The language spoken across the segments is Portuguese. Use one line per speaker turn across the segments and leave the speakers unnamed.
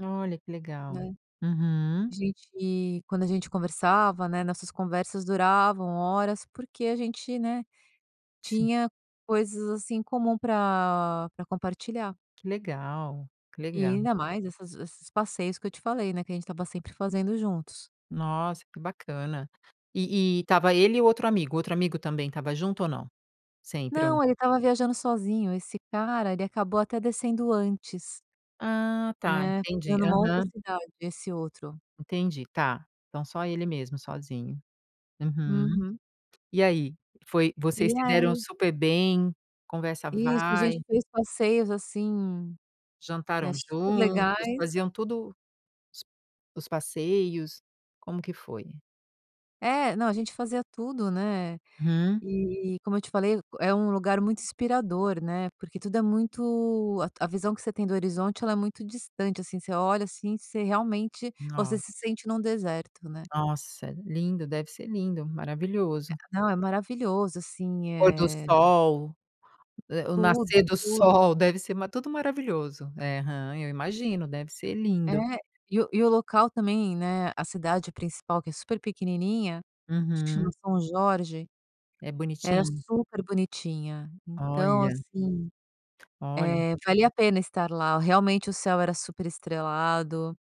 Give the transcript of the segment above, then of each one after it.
Olha, que legal.
Né.
Uhum.
A gente quando a gente conversava, né, nossas conversas duravam horas porque a gente, né,
Sim.
tinha coisas, assim, em comum pra pra compartilhar.
Que legal, que
E
legal.
ainda mais essas esses passeios que eu te falei, né, que a gente estava sempre fazendo juntos.
Nossa, que bacana. E e estava ele e o outro amigo o outro amigo também estava junto ou não? Sempre ou n
Não, ele estava viajando sozinho. Esse cara, ele acabou até descendo antes
Ah, tá,
né,
entendi.
ficando em uma outra
Aham.
cidade, esse outro.
Entendi, tá. Então só ele mesmo, sozinho. Uhum.
Uhum.
E aí? Foi vocês
E
se deram
aí
super bem, conversa
Isso. A
vai
gente fez passeios, assim,
jantaram
eh, super
juntos,
legais
faziam tudo os os passeios, como que foi?
É, não. A gente fazia tudo, né.
Hum.
E, como eu te falei, é um lugar muito inspirador, né, porque tudo é muito a a visão que você tem do horizonte, ela é muito distante, assim, você olha, assim, você realmente você
Nossa.
se sente num deserto né.
Nossa, lindo, deve ser lindo, maravilhoso.
É. Não, é maravilhoso, assim,
Pôr do
eh
sol o eh o
Tudo,
nascer do
tudo.
sol deve ser ma tudo maravilhoso. É, aham, eu imagino, deve ser
É.
lindo.
E o e o local também, né, a cidade principal que é super pequenininha, acho que chama
Uhum.
São Jorge,
É
era
bonitinho?
super bonitinha, então,
Olha.
assim,
Olha.
eh, valia a pena estar lá, realmente o céu era super estrelado,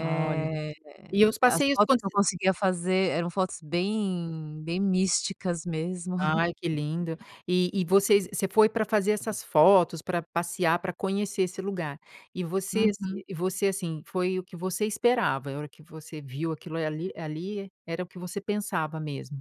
Olha. E os
as
passeios
fotos
cons
que eu conseguia fazer, eram fotos bem bem místicas mesmo.
Ai que lindo. E e vocês você foi pra fazer essas fotos, pra passear, pra conhecer esse lugar. E você ass
Uhum.
e você, assim, foi o que você esperava? A hora que você viu aquilo, eh, ali ali era o que você pensava mesmo?